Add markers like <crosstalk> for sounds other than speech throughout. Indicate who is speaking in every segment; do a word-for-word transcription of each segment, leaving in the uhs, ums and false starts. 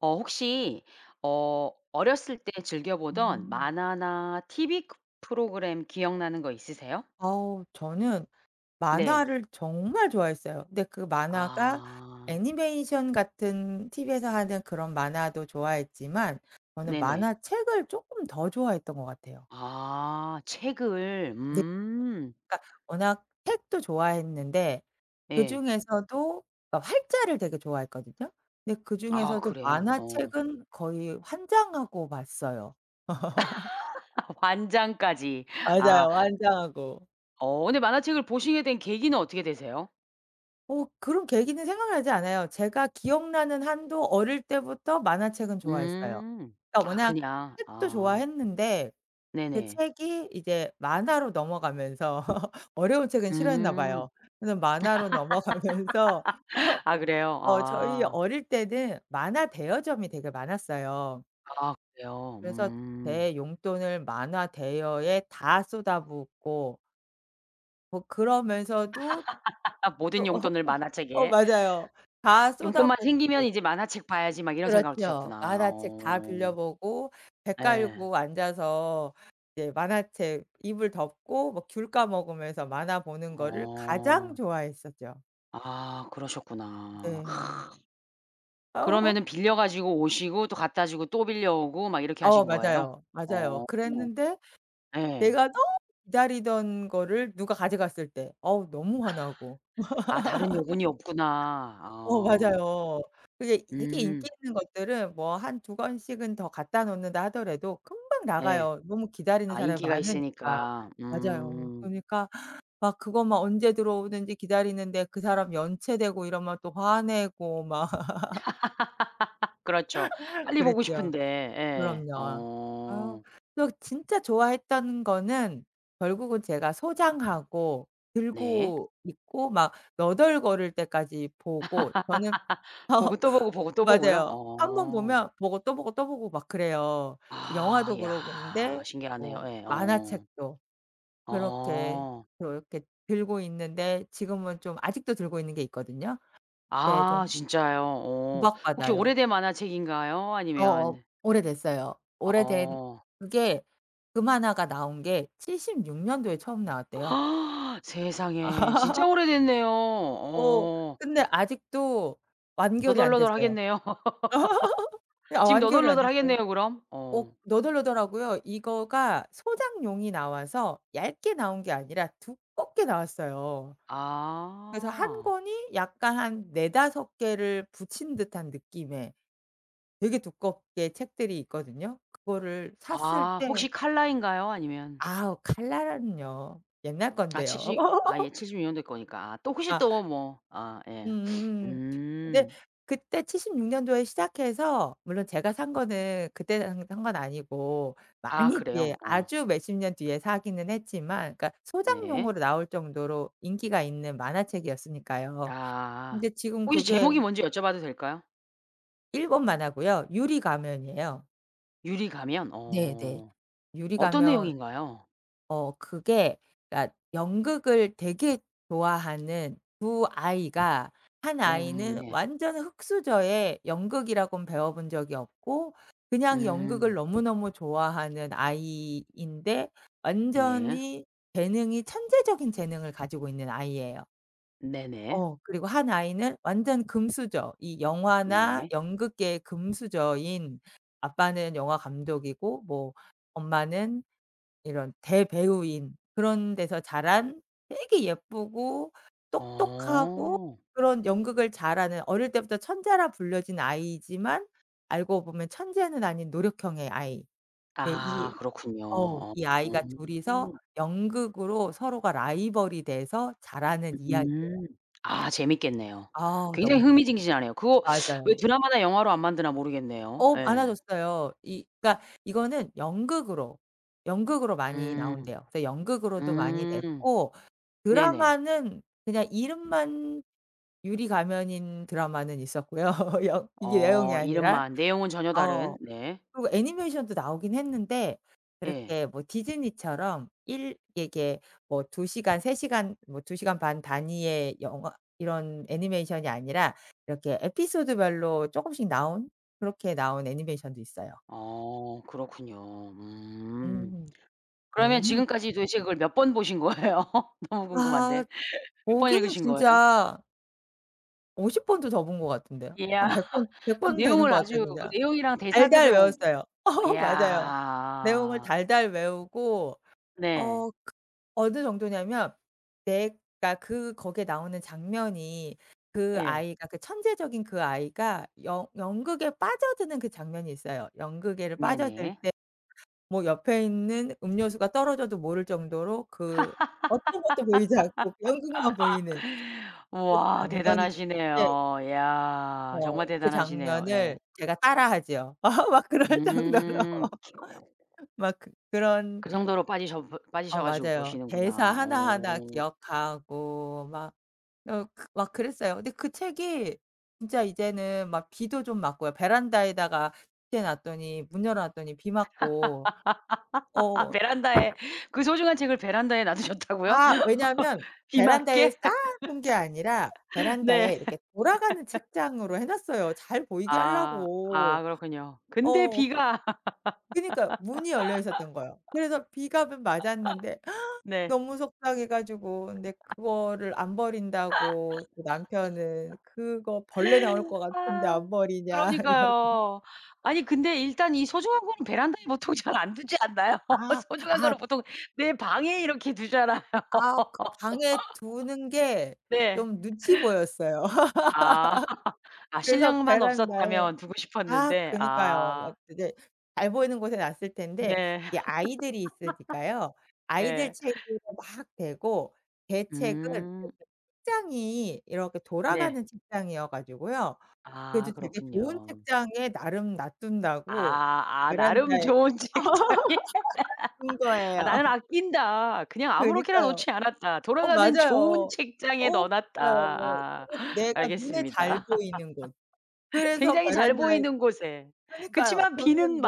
Speaker 1: 어 혹시 어 어렸을 때 즐겨보던
Speaker 2: 음.
Speaker 1: 만화나 TV 그 프로그램 기억나는 거 있으세요?
Speaker 2: 어우 저는
Speaker 1: 네.
Speaker 2: 만화를 정말 좋아했어요. 근데 그 만화가
Speaker 1: 아.
Speaker 2: 애니메이션 같은 TV에서 하는 그런 만화도 좋아했지만 저는
Speaker 1: 네네.
Speaker 2: 만화책을 쪼끔 더 좋아했던 것 같아요.
Speaker 1: 아 책을.
Speaker 2: 네.
Speaker 1: 음.
Speaker 2: 그러니까 워낙 책도 좋아했는데
Speaker 1: 예.
Speaker 2: 그중에서도 어 활자를 되게 좋아했거든요. 근데
Speaker 1: 아
Speaker 2: 그중에서도
Speaker 1: 그래요? 어.
Speaker 2: 만화책은 거의 환장하고 봤어요. <laughs>
Speaker 1: <laughs> 환장까지 아.
Speaker 2: 맞아요. 환장하고.
Speaker 1: 어 근데 만화책을 보시게 된 계기는 어떻게 되세요?
Speaker 2: 어 그런 계기는 생각나지 않아요. 제가 기억나는 한도 어릴 때부터 만화책은 좋아했어요.
Speaker 1: 음.
Speaker 2: 그러니까
Speaker 1: 아
Speaker 2: 워낙
Speaker 1: 그냥.
Speaker 2: 책도
Speaker 1: 아.
Speaker 2: 좋아했는데 그
Speaker 1: 네네.
Speaker 2: 책이 이제 만화로 넘어가면서 <laughs> 어려운 책은 싫어했나
Speaker 1: 음.
Speaker 2: 봐요. 그래서 만화로 넘어가면서 어
Speaker 1: <laughs> 아 그래요?
Speaker 2: 어 저희
Speaker 1: 아.
Speaker 2: 어릴 때는 만화 대여점이 되게 많았어요.
Speaker 1: 아 그래요?
Speaker 2: 그래서
Speaker 1: 음.
Speaker 2: 제 용돈을 만화 대여에 다 쏟아붓고 뭐 그러면서도
Speaker 1: <laughs> 모든
Speaker 2: 또 <laughs>
Speaker 1: 용돈을
Speaker 2: 어
Speaker 1: 만화책에.
Speaker 2: 맞아요. 다
Speaker 1: 용돈만 생기면
Speaker 2: 쏟아붓고.
Speaker 1: '이제 만화책 봐야지.' 막 이런 생각을
Speaker 2: 그렇죠.
Speaker 1: 드셨구나.
Speaker 2: 만화책 다
Speaker 1: 어.
Speaker 2: 빌려보고 배
Speaker 1: 예.
Speaker 2: 깔고 앉아서 이제 만화책 이불 덮고 뭐 귤 까먹으면서 만화 보는 거를 가장
Speaker 1: 어.
Speaker 2: 좋아했었죠.
Speaker 1: 아 그러셨구나.
Speaker 2: 네.
Speaker 1: 그러면은
Speaker 2: <laughs>
Speaker 1: 빌려 가지고 오시고 또 갖다주고 또 빌려오고 막 이렇게
Speaker 2: 어
Speaker 1: 하신 거예요?
Speaker 2: 맞아요. 맞아요.
Speaker 1: 어
Speaker 2: 그랬는데
Speaker 1: 예.
Speaker 2: 내가 너무 기다리던 거를 누가 가져갔을 때 어우 너무 화나고.
Speaker 1: <laughs> 아 다른
Speaker 2: <laughs>
Speaker 1: 여분이 없구나.
Speaker 2: 어
Speaker 1: 아.
Speaker 2: 맞아요. 그게 되게
Speaker 1: 음.
Speaker 2: 인기 있는 것들은 뭐 한 두 권씩은 더 갖다 놓는다 하더라도 금방
Speaker 1: 예.
Speaker 2: 나가요, 너무 기다리는
Speaker 1: 아
Speaker 2: 사람이
Speaker 1: 인기가
Speaker 2: 많으니까.
Speaker 1: 있으니까.
Speaker 2: 맞아요.
Speaker 1: 음.
Speaker 2: 그러니까 막 그거 막 언제 들어오는지 기다리는데 그 사람 연체되고 이러면 또 화내고 막 <laughs>
Speaker 1: <laughs> 그렇죠.
Speaker 2: <laughs>
Speaker 1: 빨리 보고
Speaker 2: 그랬죠.
Speaker 1: 싶은데. 예.
Speaker 2: 그럼요. 아
Speaker 1: 어.
Speaker 2: 그래서 진짜 좋아했던 거는 결국은 제가 소장하고
Speaker 1: 네.
Speaker 2: 들고 있고 막 너덜거릴 때까지 보고 저는
Speaker 1: <laughs> 보고 또 보고, 보고
Speaker 2: <laughs>
Speaker 1: 또 보고요?
Speaker 2: 맞아요. 한 번
Speaker 1: 어.
Speaker 2: 보면 보고 또 보고, 또 보고 막 그래요.
Speaker 1: 아.
Speaker 2: 영화도 그러고
Speaker 1: 야
Speaker 2: 근데
Speaker 1: 신기하네요.
Speaker 2: 뭐
Speaker 1: 예. 어.
Speaker 2: 만화책도 그렇게
Speaker 1: 어.
Speaker 2: 그렇게 들고 있는데 지금은 좀 아직도 들고 있는 게 있거든요. 네
Speaker 1: 아
Speaker 2: 좀
Speaker 1: 진짜요. 오. 혹시
Speaker 2: 구박받아요.
Speaker 1: 오래된 만화책인가요?
Speaker 2: 어어
Speaker 1: 아니면
Speaker 2: 오래됐어요. 오래된
Speaker 1: 어.
Speaker 2: 그게 그 만화가 나온 게 칠십육 년도에 처음 나왔대요.
Speaker 1: <gasps> 세상에. 진짜
Speaker 2: <laughs>
Speaker 1: 오래됐네요.
Speaker 2: 어
Speaker 1: 어.
Speaker 2: 근데 아직도 완결이 안 됐어요.
Speaker 1: 너덜너덜하겠네요.
Speaker 2: <laughs>
Speaker 1: <laughs>
Speaker 2: 아
Speaker 1: 지금
Speaker 2: 완결이 안 됐어요.
Speaker 1: 너덜너덜하겠네요, 그럼?
Speaker 2: 어
Speaker 1: 어.
Speaker 2: 너덜너덜하고요. 이거가 소장용이 나와서 얇게 나온 게 아니라 두껍게 나왔어요. 그래서 한
Speaker 1: 아.
Speaker 2: 권이 약간 한 네다섯 개를 붙인 듯한 느낌의 되게 두껍게 책들이 있거든요. 그거를 샀을
Speaker 1: 아
Speaker 2: 때
Speaker 1: 혹시 칼라인가요? 아니면
Speaker 2: 아우 칼라라는요. 옛날
Speaker 1: 아
Speaker 2: 건데요.
Speaker 1: 칠십 아 예
Speaker 2: <laughs>
Speaker 1: 칠십육 년도 거니까 아 또 혹시
Speaker 2: 아.
Speaker 1: 또 뭐 아 예. <sniffs>
Speaker 2: 음음음. 근데
Speaker 1: 음.
Speaker 2: 그때 칠십육 년도에 시작해서 물론 제가 산 거는 그때 산 산 건 아니고
Speaker 1: 아
Speaker 2: 많이 뒤에
Speaker 1: 그래요. 어.
Speaker 2: 아주 몇십 년 뒤에 사기는 했지만 그러니까
Speaker 1: 네.
Speaker 2: 소장용으로 나올 정도로 인기가 있는 만화책이었으니까요.
Speaker 1: 아.
Speaker 2: 근데 지금
Speaker 1: 혹시
Speaker 2: 그게
Speaker 1: 제목이 뭔지 여쭤봐도 될까요?
Speaker 2: 일본 만화고요. 유리 가면이에요.
Speaker 1: 유리가면.
Speaker 2: 네네.
Speaker 1: 어.
Speaker 2: 유리
Speaker 1: 어떤
Speaker 2: 가면
Speaker 1: 내용인가요?
Speaker 2: 어 그게 그러니까 연극을 되게 좋아하는 두 아이가 한
Speaker 1: 음
Speaker 2: 아이는
Speaker 1: 네.
Speaker 2: 완전 흙수저에 연극이라곤 배워본 적이 없고 그냥 연극을
Speaker 1: 음.
Speaker 2: 너무너무 좋아하는 아이인데
Speaker 1: 네.
Speaker 2: 완전히 재능이 천재적인 재능을 가지고 있는 아이예요.
Speaker 1: 네네.
Speaker 2: 어 그리고 한 아이는 완전 금수저. 이 영화나
Speaker 1: 네.
Speaker 2: 연극계의 금수저인 아빠는 영화감독이고 뭐 엄마는 이런 대배우인 그런 데서 자란 되게 예쁘고 똑똑하고
Speaker 1: 어.
Speaker 2: 그런 연극을 잘 하는 어릴 때부터 천재라 불려진 아이이지만 알고 보면 천재는 아닌 노력형의 아이. 네
Speaker 1: 아
Speaker 2: 이
Speaker 1: 그렇군요.
Speaker 2: 어우 이 아이가 둘 이서
Speaker 1: 어.
Speaker 2: 연극으로 서로가 라이벌이 돼서 자라는 이야기예요.
Speaker 1: 음. 아 재밌겠네요.
Speaker 2: 아우
Speaker 1: 굉장히
Speaker 2: 너무 넙
Speaker 1: 흥미진진하네요. 그거 <sucks teeth> 왜
Speaker 2: 맞아요.
Speaker 1: 드라마나 영화로 안 만드나 모르겠네요.
Speaker 2: 어
Speaker 1: 예.
Speaker 2: 많아졌어요. 이 그니까 이거는 연극으로, 연극으로 많이
Speaker 1: 음.
Speaker 2: 나온대요. 그래서 연극으로도 많이
Speaker 1: 음.
Speaker 2: 냈고
Speaker 1: 네네.
Speaker 2: 드라마는 그냥 이름만 유리 가면인 드라마는 있었고요. <laughs> 여 이게 내용이
Speaker 1: 어
Speaker 2: 아니라
Speaker 1: 이름만. 내용은 전혀 다른
Speaker 2: 어
Speaker 1: 네.
Speaker 2: 그리고 애니메이션도 나오긴 했는데
Speaker 1: 예.
Speaker 2: 그렇게 뭐 디즈니처럼 일 이렇게 두 시간, 세 시간, 뭐 두 시간 반 단위의 영화 이런 애니메이션이 아니라 이렇게 에피소드 별로 쪼금씩 나온 그렇게 나온 애니메이션도 있어요.
Speaker 1: 어 그렇군요. 음.
Speaker 2: 음.
Speaker 1: 그러면
Speaker 2: 너무
Speaker 1: 지금까지 도대체 그걸 몇 번 보신 거예요? 너무 궁금한데.
Speaker 2: 아
Speaker 1: 몇 번
Speaker 2: 보기는
Speaker 1: 읽으신 거예요?
Speaker 2: 진짜 오십 번도 더 본 것 같은데요?
Speaker 1: 이야.
Speaker 2: 한 백 번,
Speaker 1: <laughs>
Speaker 2: 백
Speaker 1: 그럼
Speaker 2: 번 되는
Speaker 1: 내용을
Speaker 2: 거 같아요
Speaker 1: 아주 그
Speaker 2: 진짜.
Speaker 1: 내용이랑
Speaker 2: 달달
Speaker 1: 대사들을 옴
Speaker 2: 외웠어요. <laughs> 맞아요. 내용을
Speaker 1: 이야.
Speaker 2: 달달 외우고
Speaker 1: 네.
Speaker 2: 어 그 어느 정도냐 하면 백 그러니까 그 거기에 나오는 장면이 그
Speaker 1: 예.
Speaker 2: 아이가 그 천재적인 그 아이가 연 연극에 빠져드는 그 장면이 있어요. 연극에를 빠져들
Speaker 1: 네네.
Speaker 2: 때 뭐 옆에 있는 음료수가 떨어져도 모를 정도로 그 어떤 것도 보이지 않고 연극만 보이는
Speaker 1: <laughs>
Speaker 2: 그
Speaker 1: 우와
Speaker 2: 장면이 있는데
Speaker 1: 대단하시네요. 야
Speaker 2: 어
Speaker 1: 정말
Speaker 2: 그
Speaker 1: 대단하시네요.
Speaker 2: 장면을
Speaker 1: 예.
Speaker 2: 제가 따라 하지요. <laughs> 막 그럴 정도로
Speaker 1: 음.
Speaker 2: <laughs> 막 그 그런
Speaker 1: 그 정도로 빠지셔 브
Speaker 2: 어
Speaker 1: 빠지셔 가지고
Speaker 2: 맞아요. 대사
Speaker 1: 보시는구나.
Speaker 2: 하나하나
Speaker 1: 어.
Speaker 2: 기억하고 막 어 그 막 그랬어요. 근데 그 책이 진짜 이제는 막 비도 좀 맞고요. 베란다에다가 <unintelligible> 놨더니 문 열어 놨더니 비 맞고
Speaker 1: <laughs>
Speaker 2: 어.
Speaker 1: 베란다에 그 소중한 책을 베란다에 놔두셨다고요?
Speaker 2: 아 왜냐하면
Speaker 1: 비
Speaker 2: 베란다에
Speaker 1: 맞게?
Speaker 2: 쌓아 놓은 게 아니라
Speaker 1: <laughs> 네.
Speaker 2: 베란다에 이렇게 돌아가는
Speaker 1: <laughs>
Speaker 2: 책장으로 해 놨어요 잘 보이게
Speaker 1: 아.
Speaker 2: 하려고.
Speaker 1: 아 그렇군요. 근데
Speaker 2: 어.
Speaker 1: 비가
Speaker 2: 그니까요. 문이 열려 있었던 거예요. 그래서 비갑은 맞았는데
Speaker 1: <laughs>
Speaker 2: <gasps>
Speaker 1: 네.
Speaker 2: 너무 속상해 가지고 근데
Speaker 1: <laughs>
Speaker 2: 그거를 안 버린다고 그 남편은
Speaker 1: <laughs>
Speaker 2: "그거 벌레 나올 거 같은데
Speaker 1: 아.
Speaker 2: 안 버리냐." 이러고.
Speaker 1: 그러니까요. 아니
Speaker 2: <laughs>
Speaker 1: 근데 일단 이 소중한 거는 베란다에 보통 잘 안 두지 않나요?
Speaker 2: 아
Speaker 1: <laughs> 소중한
Speaker 2: 아.
Speaker 1: 거는 보통 내 방에 이렇게 두잖아요.
Speaker 2: 아 그 방에 두는
Speaker 1: <laughs>
Speaker 2: 게
Speaker 1: 네.
Speaker 2: 좀 눈치 보였어요.
Speaker 1: 아. <laughs>
Speaker 2: <laughs>
Speaker 1: 아
Speaker 2: 그래서
Speaker 1: 신랑만
Speaker 2: 베란다에
Speaker 1: 없었다면 두고
Speaker 2: 아
Speaker 1: 싶었는데.
Speaker 2: 그니까요.
Speaker 1: 아.
Speaker 2: 막 그게 잘 보이는 곳에 놨을 텐데
Speaker 1: 네.
Speaker 2: 이 아이들이 있으니까요.
Speaker 1: <laughs>
Speaker 2: 아이들
Speaker 1: 예.
Speaker 2: 책으로 막 대고 제 책은 이렇게
Speaker 1: 음.
Speaker 2: 책장이 이렇게
Speaker 1: 네.
Speaker 2: 돌아가는 책장이어 가지고요.
Speaker 1: 아
Speaker 2: 그래도 되게 좋은
Speaker 1: 그렇군요.
Speaker 2: 책장에 나름 놔둔다고
Speaker 1: 아. 아 나름
Speaker 2: 베란다에
Speaker 1: 좋은 책장에.
Speaker 2: <laughs> 둔
Speaker 1: <laughs> 아
Speaker 2: 거예요.
Speaker 1: 나는 아낀다. 그냥 아무렇게나
Speaker 2: 그니까요.
Speaker 1: 놓지 않았다.
Speaker 2: 어
Speaker 1: 돌아가는 좋은
Speaker 2: 맞아요.
Speaker 1: 책장에
Speaker 2: 어
Speaker 1: 넣어 놨다.
Speaker 2: 맞아요.
Speaker 1: 아
Speaker 2: 그리고 내가 눈에 잘
Speaker 1: 알겠습니다.
Speaker 2: 보이는 곳.
Speaker 1: <laughs>
Speaker 2: 그래서
Speaker 1: 굉장히 잘
Speaker 2: 베란다에
Speaker 1: 보이는 곳에.
Speaker 2: 그니까요.
Speaker 1: 그치만 비는
Speaker 2: 뒀는데.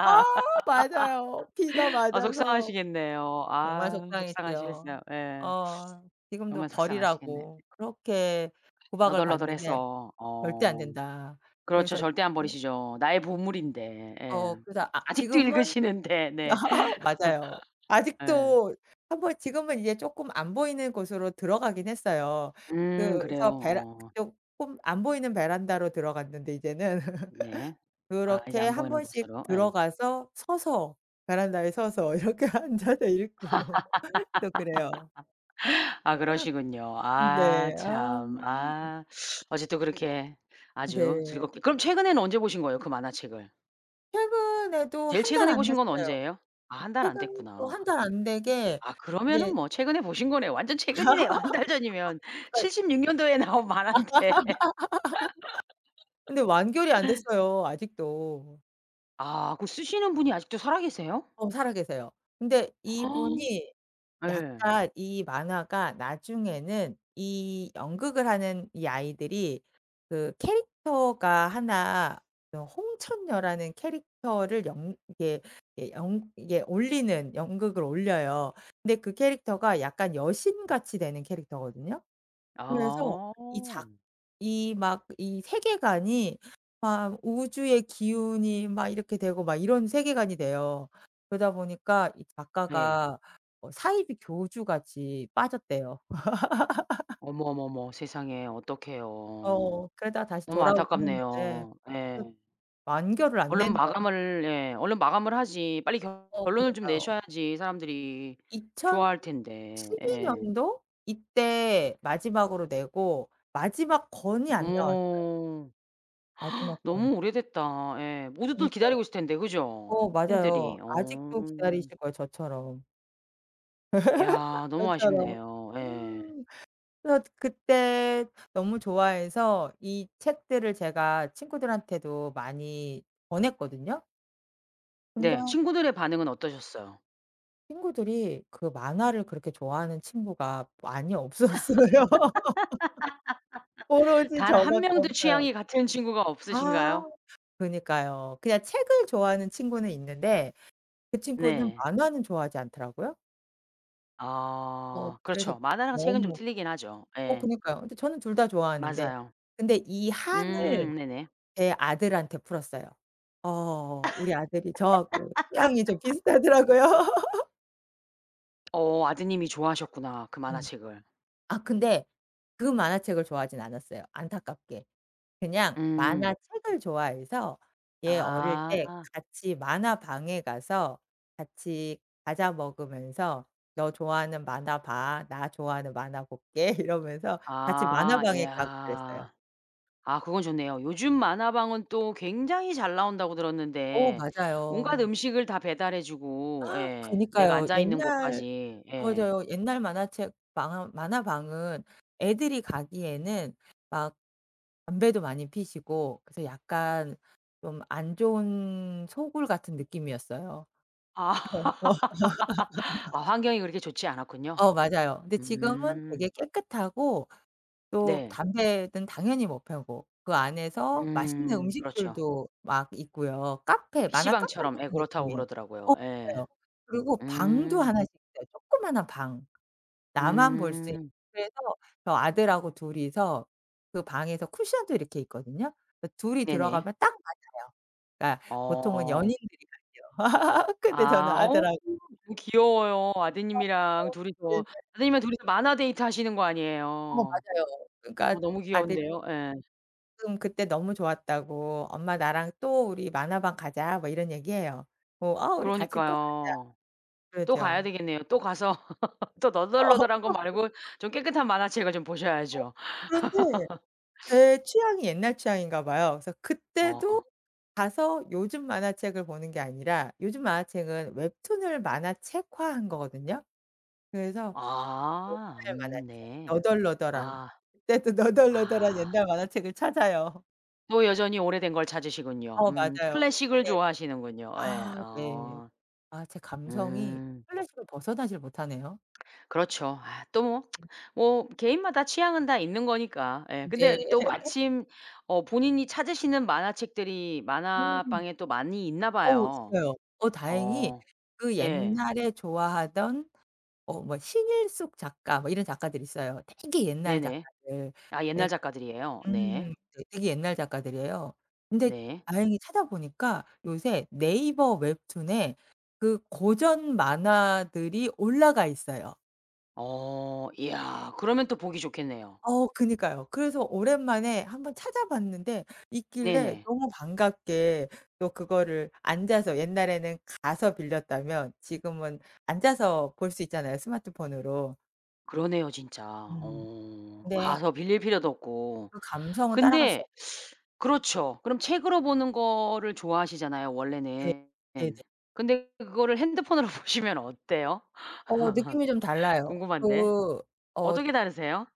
Speaker 2: 아 맞아요. 비가
Speaker 1: <laughs> 아
Speaker 2: 맞아서
Speaker 1: 속상하시겠네요.
Speaker 2: 정말
Speaker 1: 아
Speaker 2: 속상했죠.
Speaker 1: 속상하시겠어요. 예.
Speaker 2: 어 지금도
Speaker 1: 정말 속상하시겠네.
Speaker 2: 버리라고 그렇게 구박을 받는데
Speaker 1: 너덜너덜해서
Speaker 2: "절대 안
Speaker 1: 어.
Speaker 2: 된다."
Speaker 1: 그렇죠.
Speaker 2: 그래서
Speaker 1: 절대 안
Speaker 2: 뭐
Speaker 1: 버리시죠 나의 보물인데. 예.
Speaker 2: 어 그래서 아
Speaker 1: 아직도
Speaker 2: 지금은
Speaker 1: 읽으시는데. 네.
Speaker 2: <laughs> 맞아요.
Speaker 1: <laughs> 예.
Speaker 2: 아직도 한 번 지금은 이제 쪼끔 안 보이는 곳으로 들어가긴 했어요.
Speaker 1: 음 그래요.
Speaker 2: 그래서 베라
Speaker 1: 어.
Speaker 2: 쪼끔 안 보이는 베란다로 들어갔는데 이제는.
Speaker 1: 네.
Speaker 2: <laughs>
Speaker 1: 아 이제
Speaker 2: 그렇게
Speaker 1: 안
Speaker 2: 한
Speaker 1: 보이는
Speaker 2: 번씩
Speaker 1: 곳으로. 예.
Speaker 2: 들어가서 서서 베란다에 서서 이렇게 앉아서 읽고 또 그래요.
Speaker 1: <laughs> 아 그러시군요.
Speaker 2: <laughs> 음
Speaker 1: 아
Speaker 2: 네. 아
Speaker 1: 참
Speaker 2: 음.
Speaker 1: 아. 아직도 그렇게 아주
Speaker 2: 네.
Speaker 1: 즐겁게 그럼 최근에는 언제 보신 거예요 그 만화책을?
Speaker 2: 최근에도
Speaker 1: 제일
Speaker 2: 한 달
Speaker 1: 최근에
Speaker 2: 안
Speaker 1: 보신 건
Speaker 2: 됐어요.
Speaker 1: 언제예요? 아 한 달 안
Speaker 2: 최근도
Speaker 1: 됐구나.
Speaker 2: 한 달 안 되게
Speaker 1: 아 그러면은
Speaker 2: 인제
Speaker 1: 뭐 최근에 보신 거네요. 완전 최근이네요 한 달 전이면.
Speaker 2: <laughs> 거의
Speaker 1: 칠십육 년도에 나온
Speaker 2: <laughs>
Speaker 1: 만화인데.
Speaker 2: 근데 완결이 안
Speaker 1: <laughs>
Speaker 2: 됐어요 아직도.
Speaker 1: 아 그 쓰시는 분이 아직도 살아 계세요?
Speaker 2: 어 살아 계세요. 근데
Speaker 1: <gasps>
Speaker 2: 이분이
Speaker 1: 예.
Speaker 2: 약간 이 만화가 나중에는 이 연극을 하는 이 아이들이 그 캐릭터가 하나 요 홍천녀라는 캐릭터를 연 이게 예 연 이게 올리는 연극을 올려요. 근데 그 캐릭터가 약간 여신 같이 되는 캐릭터거든요? 그래서
Speaker 1: 아.
Speaker 2: 이 작 이 막 이 세계관이 막 우주의 기운이 막 이렇게 되고 막 이런 세계관이 돼요. 그러다 보니까 이
Speaker 1: 네.
Speaker 2: 작가가 어 사이비 교주같이 빠졌대요. <laughs>
Speaker 1: 어머, 어머, 어머 세상에 어떡해요.
Speaker 2: 어 그러다가 다시
Speaker 1: 너무
Speaker 2: 돌아오긴 했는데.
Speaker 1: 안타깝네요.
Speaker 2: 그
Speaker 1: 예.
Speaker 2: 완결을 안
Speaker 1: 얼른
Speaker 2: 내네요.
Speaker 1: 마감을 예 얼른 마감을 하지. 빨리 결
Speaker 2: 어
Speaker 1: 결론을 좀
Speaker 2: 그니까요.
Speaker 1: 내셔야지 사람들이 좋아할 텐데.
Speaker 2: 이천십이
Speaker 1: 예.
Speaker 2: 년도? 이때 마지막으로 내고 마지막 권이 안 나왔어요.
Speaker 1: 어머.
Speaker 2: 마지막
Speaker 1: <gasps>
Speaker 2: 권.
Speaker 1: 너무 오래됐다. 예. 모두들
Speaker 2: 그니까요.
Speaker 1: 기다리고 있을 텐데 그죠?
Speaker 2: 어 맞아요.
Speaker 1: 팬들이. 어.
Speaker 2: 아직도 기다리실 거예요 저처럼. <laughs> 아
Speaker 1: 이야 너무
Speaker 2: 맞아요.
Speaker 1: 아쉽네요. 예.
Speaker 2: 음. 그래서 그때 너무 좋아해서 이 책들을 제가 친구들한테도 많이 권했거든요? 근데
Speaker 1: 네 친구들의 반응은 어떠셨어요?
Speaker 2: 친구들이 그 만화를 그렇게 좋아하는 친구가 많이 없었어요. <laughs>
Speaker 1: <laughs>
Speaker 2: 오로지
Speaker 1: 단
Speaker 2: 저
Speaker 1: 한
Speaker 2: 밖에
Speaker 1: 명도
Speaker 2: 없어요.
Speaker 1: 취향이 같은 친구가
Speaker 2: 아
Speaker 1: 없으신가요?
Speaker 2: 그니까요. 그냥 책을 좋아하는 친구는 있는데 그 친구는
Speaker 1: 네.
Speaker 2: 만화는 좋아하지 않더라고요. 어
Speaker 1: 아.
Speaker 2: 그래서
Speaker 1: 그렇죠. 만화랑 책은 좀
Speaker 2: 너무.
Speaker 1: 틀리긴 하죠.
Speaker 2: 어
Speaker 1: 예.
Speaker 2: 그니까요. 근데 저는 둘 다 좋아하는데
Speaker 1: 맞아요.
Speaker 2: 근데 이 한을
Speaker 1: 음 네네.
Speaker 2: 제 아들한테 풀었어요. 어 우리 아들이 저하고 취향이 좀
Speaker 1: <laughs>
Speaker 2: 비슷하더라고요. <laughs>
Speaker 1: 어 아드님이 좋아하셨구나 그
Speaker 2: 음.
Speaker 1: 만화책을.
Speaker 2: 아 근데 그 만화책을 좋아하진 않았어요 안타깝게. 그냥
Speaker 1: 음.
Speaker 2: 만화책을 좋아해서 얘 어릴 때
Speaker 1: 아.
Speaker 2: 같이 만화방에 가서 같이 과자 먹으면서 "너 좋아하는 만화 봐. 나 좋아하는 만화 볼게." 이러면서 같이
Speaker 1: 아.
Speaker 2: 만화방에 가고 그랬어요.
Speaker 1: 이야. 아 그건 좋네요. 요즘 만화방은 또 굉장히 잘 나온다고
Speaker 2: 어
Speaker 1: 들었는데 온갖
Speaker 2: 맞아요.
Speaker 1: 음식을 다 배달해 주고
Speaker 2: <gasps>
Speaker 1: 예. 내가
Speaker 2: 그니까요.
Speaker 1: 앉아있는
Speaker 2: 옛날
Speaker 1: 곳까지. 예.
Speaker 2: 맞아요. 옛날 만화책 방은 만화방은 애들이 가기에는 막 담배도 많이 피시고 그래서 약간 좀 안 좋은 소굴 같은 느낌이었어요.
Speaker 1: 아. <laughs> 아
Speaker 2: <laughs>
Speaker 1: 환경이 그렇게 좋지 않았군요.
Speaker 2: 어 맞아요. 근데 지금은
Speaker 1: 음.
Speaker 2: 되게 깨끗하고 또
Speaker 1: 네.
Speaker 2: 담배는 당연히 못 펴고 그 안에서 맛있는
Speaker 1: 음. 그렇죠.
Speaker 2: 음식들도 막 있고요. 카페 만화 카페
Speaker 1: PC방처럼.
Speaker 2: 같은
Speaker 1: 예 그렇다고
Speaker 2: 느낌이에요. 어
Speaker 1: 그러더라고요. 예.
Speaker 2: 맞아요. 그리고 방도
Speaker 1: 음.
Speaker 2: 하나 씩 있어요 조그마한 방. 나만 볼 수 있
Speaker 1: 음.
Speaker 2: <unintelligible> 그래서 저 아들하고 둘 이서 그 방에서 쿠션도 이렇게 있거든요. 그 둘 이
Speaker 1: 네네.
Speaker 2: 들어가면 딱 맞아요. 그러니까 보통은
Speaker 1: 어.
Speaker 2: 연인들이 가죠. <laughs> 근데 저는
Speaker 1: 아 어우
Speaker 2: 아들하
Speaker 1: 귀여워요
Speaker 2: 아
Speaker 1: 아드님이랑
Speaker 2: 어
Speaker 1: 둘 이서.
Speaker 2: 네네.
Speaker 1: 아드님이랑 둘 이서 만화 데이트 하시는 거
Speaker 2: 어
Speaker 1: 아니에요.
Speaker 2: 맞아요. 그러니까
Speaker 1: 어 너무
Speaker 2: 아들이
Speaker 1: 귀여운데요. 예.
Speaker 2: 응. "그때 너무 좋았다."고. "엄마 나랑 또 우리 만화방 가자." 뭐 이런 얘기 해요. 뭐 "아 우리 같이 또 가자."
Speaker 1: 그러니까요. 또 가야
Speaker 2: 그러죠.
Speaker 1: 되겠네요. 또 가서 <laughs> 또 너덜너덜한 거 말고 좀
Speaker 2: <laughs>
Speaker 1: 깨끗한 만화책을 좀
Speaker 2: 어
Speaker 1: 보셔야죠.
Speaker 2: 그런데
Speaker 1: <laughs> <sniffs>
Speaker 2: 제 취향이 옛날 취향인가 봐요. 그래서 그때도
Speaker 1: 어.
Speaker 2: 가서 요즘 만화책을 보는 게 아니라 요즘 만화책은 웹툰을 만화책화 한 거거든요. 그래서
Speaker 1: 아.
Speaker 2: 옛날 만화책
Speaker 1: 음 네.
Speaker 2: 너덜너덜한.
Speaker 1: 아.
Speaker 2: 그때도 너덜너덜한
Speaker 1: 아.
Speaker 2: 옛날 만화책을 찾아요.
Speaker 1: 또 여전히 오래된 걸 찾으시군요.
Speaker 2: 어
Speaker 1: 음
Speaker 2: 맞아요.
Speaker 1: 클래식을
Speaker 2: 고게
Speaker 1: 좋아하시는군요. 예.
Speaker 2: 아 네.
Speaker 1: 어.
Speaker 2: 아 제 감성이
Speaker 1: 음.
Speaker 2: 클래식을 벗어나질 못하네요.
Speaker 1: 그렇죠. 아 또 뭐
Speaker 2: 음.
Speaker 1: <tsk> 뭐 개인마다 취향은 다 있는 거니까. 예
Speaker 2: 네.
Speaker 1: 근데 또
Speaker 2: <laughs>
Speaker 1: 마침 어 본인이 찾으시는 만화책들이
Speaker 2: 음.
Speaker 1: 만화방에 또 많이 있나
Speaker 2: 어
Speaker 1: 봐요.
Speaker 2: 있어요. 어 다행히
Speaker 1: 어.
Speaker 2: 그
Speaker 1: 예.
Speaker 2: 옛날에 좋아하던 어 뭐 신일숙 작가 뭐 이런 작가들이 있어요, 되게 옛날
Speaker 1: 네네.
Speaker 2: 작가들.
Speaker 1: 아 옛날
Speaker 2: 근데
Speaker 1: 작가들이에요? 네.
Speaker 2: 음 되 되게 옛날 작가들이에요. 근데
Speaker 1: 네.
Speaker 2: 다행히 찾아보니까 요새 네이버 웹툰에 그 고전 만화들이 올라가 있어요.
Speaker 1: 어. 이야. 그러면 또 보기 좋겠네요.
Speaker 2: 어 그니까요. 그래서 오랜만에 한번 찾아봤는데 있길래
Speaker 1: 네네.
Speaker 2: 너무 반갑게 또 그거를 앉아서 옛날에는 가서 빌렸다면 지금은 앉아서 볼 수 있잖아요, 스마트폰으로.
Speaker 1: 그러네요, 진짜.
Speaker 2: 음.
Speaker 1: 어.
Speaker 2: 근데
Speaker 1: 가서 빌릴 필요도 없고.
Speaker 2: 그 감성은 따라갈 수
Speaker 1: 근데
Speaker 2: 없어
Speaker 1: <sucks teeth> 그렇죠. 그럼 책으로 보는 거를 좋아하시잖아요,
Speaker 2: 네.
Speaker 1: 원래는.
Speaker 2: 네네.
Speaker 1: 근데 그거를 핸드폰으로 보시면 어때요?
Speaker 2: 어 느낌이 좀
Speaker 1: <laughs>
Speaker 2: 달라요.
Speaker 1: 궁금한데.
Speaker 2: 그 어
Speaker 1: 어떻게 다르세요?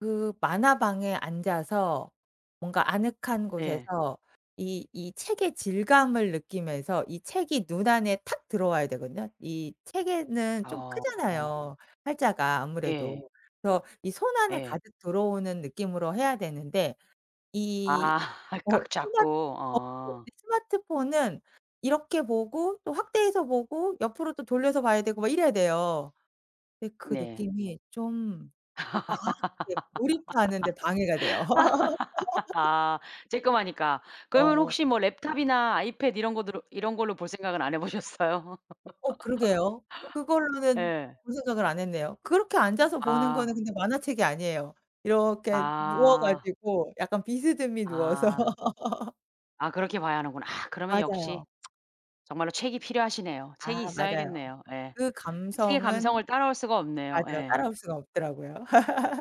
Speaker 2: 그 만화방에 앉아서 뭔가 아늑한
Speaker 1: 예.
Speaker 2: 곳에서 이 이 책의 질감을 느끼면서 이 책이 눈 안에 탁 들어와야 되거든요. 이 책에는 좀
Speaker 1: 아.
Speaker 2: 크잖아요, 활자가
Speaker 1: 예.
Speaker 2: 아무래도. 그래서 이 손 안에
Speaker 1: 예.
Speaker 2: 가득 들어오는 느낌으로 해야 되는데 이
Speaker 1: 아. <laughs>
Speaker 2: 어
Speaker 1: 꽉
Speaker 2: 스마트
Speaker 1: 잡고
Speaker 2: 어
Speaker 1: 어.
Speaker 2: <unintelligible> 스마트폰은 이렇게 보고 또 확대해서 보고 옆으로 또 돌려서 봐야 되고 막 이래야 돼요. 왜 그
Speaker 1: 네.
Speaker 2: 느낌이 좀 막 이렇게 몰입하는데 방해가 돼요.
Speaker 1: <laughs>
Speaker 2: <laughs>
Speaker 1: 아 쬐그마니까. 그러면
Speaker 2: 어.
Speaker 1: 혹시 뭐 랩톱이나 아이패드 이런 것들 이런 걸로 볼 생각은 안 해 보셨어요? <laughs>
Speaker 2: 어 그러게요. 그걸로는
Speaker 1: 예.
Speaker 2: 그런 생각을 안 했네요. 그렇게 앉아서 보는
Speaker 1: 아.
Speaker 2: 거는 근데 만화책이 아니에요. 이렇게 누워
Speaker 1: 아.
Speaker 2: 가지고, 약간 비스듬히 누워서.
Speaker 1: 아.
Speaker 2: <laughs>
Speaker 1: 아 그렇게 봐야 하는구나. 아 그러면 역시
Speaker 2: 맞아요.
Speaker 1: <tsk> 정말로 책이 필요하시네요.
Speaker 2: 아
Speaker 1: 책이
Speaker 2: 맞아요.
Speaker 1: 있어야겠네요. 예
Speaker 2: 그
Speaker 1: 책의
Speaker 2: 감성은
Speaker 1: 감성을 따라올 수가 없네요.
Speaker 2: 맞아요.
Speaker 1: 예.
Speaker 2: 따라올 수가 없더라고요.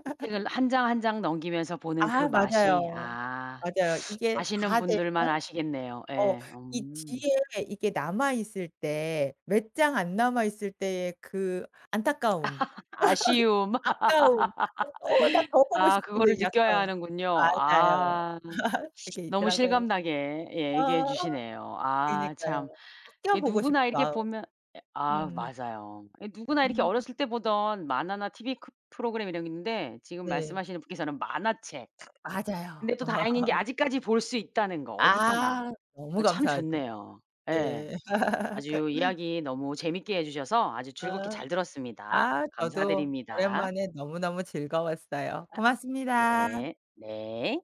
Speaker 1: 이 책을 한 장 한 장 넘기면서 보는 그
Speaker 2: 아
Speaker 1: 맛이
Speaker 2: 맞아요.
Speaker 1: 아
Speaker 2: 맞아요. 이게
Speaker 1: 아시는
Speaker 2: 다
Speaker 1: 분들만
Speaker 2: 되면
Speaker 1: 아시겠네요.
Speaker 2: 어
Speaker 1: 예
Speaker 2: 이
Speaker 1: 음.
Speaker 2: 뒤에 이게 남아있을 때, 몇 장 안 남아 있을 때의 그 안타까움,
Speaker 1: <laughs> 아쉬움.
Speaker 2: <laughs> 아까움, "어 나
Speaker 1: <laughs>
Speaker 2: 더 보고
Speaker 1: 아
Speaker 2: 싶은데."
Speaker 1: 그거를
Speaker 2: 이
Speaker 1: 느껴야
Speaker 2: 아까움.
Speaker 1: 하는군요.
Speaker 2: 맞아요.
Speaker 1: 아
Speaker 2: <laughs> 그게
Speaker 1: 너무
Speaker 2: 있더라고요.
Speaker 1: 실감나게 예 얘기해
Speaker 2: 아
Speaker 1: 주시네요. 아
Speaker 2: 그러니까요,
Speaker 1: 참. 예
Speaker 2: 아껴보고
Speaker 1: 누구나
Speaker 2: 싶은
Speaker 1: 이렇게
Speaker 2: 마음.
Speaker 1: 보면 예 아
Speaker 2: 음.
Speaker 1: 맞아요. 이 누구나 이렇게
Speaker 2: 음.
Speaker 1: 어렸을 때 보던 만화나 TV 크 프로그램 이런 게 있는데 지금
Speaker 2: 네.
Speaker 1: 말씀하시는 분께서는 만화책 근데
Speaker 2: 맞아요.
Speaker 1: 또 다행인 게
Speaker 2: <laughs>
Speaker 1: 아직까지 볼 수 있다는 거, 어디서나.
Speaker 2: 아 너무
Speaker 1: 어 참
Speaker 2: 감사하죠.
Speaker 1: 좋네요. 예
Speaker 2: 네.
Speaker 1: 아주
Speaker 2: <laughs>
Speaker 1: 이야기 너무 재밌게 해 주셔서 아주 즐겁게
Speaker 2: 아.
Speaker 1: 잘 들었습니다.
Speaker 2: 아 저도
Speaker 1: 감사드립니다.
Speaker 2: 오랜만에 너무너무 즐거웠어요.
Speaker 1: 아,
Speaker 2: 고맙습니다.
Speaker 1: 네. 네.